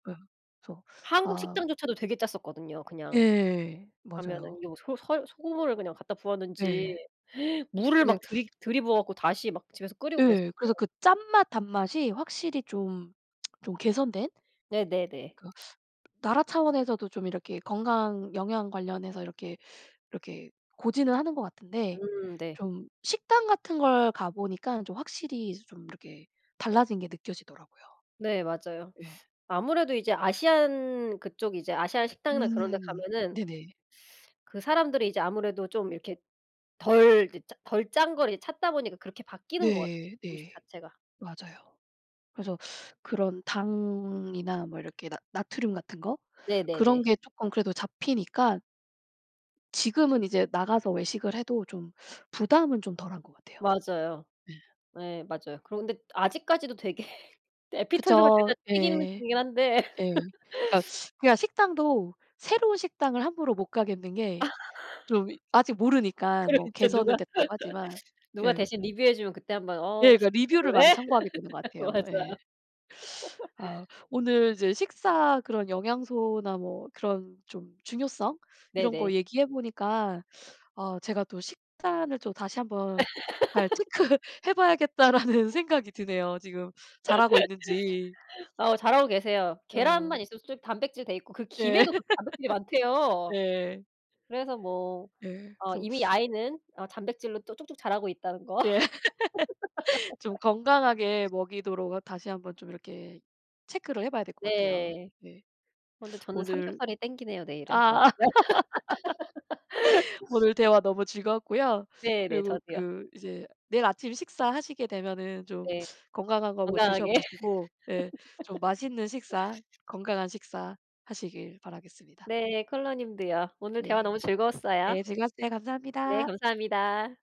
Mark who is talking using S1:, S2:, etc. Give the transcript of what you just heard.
S1: 예. 그래서
S2: 한국
S1: 아
S2: 식당조차도 되게 짰었거든요 그냥.
S1: 예.
S2: 가면은
S1: 맞아요.
S2: 요 소 설 소금물을 그냥 갖다
S1: 예.
S2: 부었는지 물을
S1: 그게
S2: 막 들이 들이부어 갖고 다시 막 집에서 끓이고 그랬어요.
S1: 예. 그래서 그 짠맛 단맛이 확실히 좀, 좀 개선된
S2: 네네네.
S1: 그 나라 차원에서도 좀 이렇게 건강 영양 관련해서 이렇게 이렇게 고지는 하는 것 같은데
S2: 음. 네.
S1: 좀 식당 같은 걸 가 보니까 좀 확실히 이제 좀 이렇게 달라진 게 느껴지더라고요.
S2: 네. 맞아요.
S1: 예.
S2: 아무래도 이제 아시안 그쪽 이제 아시안 식당이나 그런 데
S1: 음. 네네.
S2: 가면은 그 사람들이 이제 아무래도 좀 이렇게 덜 드 짜 덜 짠 걸 이제 찾다 보니까 그렇게 바뀌는 것 같아요
S1: 네.
S2: 음식
S1: 네.
S2: 자체가.
S1: 맞아요. 그래서 그런 당이나 뭐 이렇게 나 나트륨 같은 거? 그런
S2: 네네네.
S1: 게 쪼끔 그래도 잡히니까 지금은 이제 나가서 외식을 해도 좀 부담은 좀 덜한 것 같아요.
S2: 맞아요.
S1: 네
S2: 네. 맞아요. 그리고 근데 아직까지도 되게 애피타이저가
S1: 그쵸.
S2: 죄다 튀긴
S1: 예.
S2: 음식이긴 한데.
S1: 예. 그러니까 그냥 식당도 새로운 식당을 함부로 못 가겠는 게 좀 아직 모르니까.
S2: 그래
S1: 뭐
S2: 진짜
S1: 개선은
S2: 누가
S1: 됐다고 하지만.
S2: 누가
S1: 예.
S2: 대신 리뷰 해주면 그때 한번 "어
S1: 예. 그 리뷰를
S2: 그래?"
S1: 많이 참고하게 되는 것 같아요.
S2: 맞아요.
S1: 예. 아. 오늘 이제 식사 그런 영양소나 뭐 그런 좀 중요성? 이런
S2: 네네.
S1: 거 얘기해 보니까 어 제가 또 '식단을 또 다시 한번 잘 체크해 봐야겠다.'라는 생각이 드네요. 지금 잘하고 있는지.
S2: 어 잘하고 계세요. 계란만
S1: 어.
S2: 있어도 솔직 단백질 돼 있고 그
S1: 예.
S2: 김에도 그 단백질이 많대요.
S1: 네.
S2: 그래서 뭐
S1: 예.
S2: 어
S1: 그래서
S2: 이미 아이는 어 단백질로 또 쭉쭉 자라고 있다는 거.
S1: 예. 좀 건강하게 먹이도록 아 다시 한번 좀 이렇게 체크를 해 봐야 될 것 같아요.
S2: 네.
S1: 예.
S2: 어 근데 저는
S1: 오늘
S2: 삼겹살이 당기네요 내일은. 어우.
S1: 아.
S2: 네.
S1: 오늘 대화 너무 즐거웠고요.
S2: 네네.
S1: 그리고
S2: 저도요.
S1: 그 이제 내일 아침 식사 하시게 되면은 좀
S2: 네.
S1: 건강한 거 뭐 드셔
S2: 건강하게.
S1: 보시고 네 좀 맛있는 식사 건강한 식사 하시길 바라겠습니다.
S2: 네. 콜러 님도요. 오늘 대화
S1: 네.
S2: 너무 즐거웠어요.
S1: 네. 즐거웠어요.
S2: 네.
S1: 감사합니다.
S2: 감사합니다.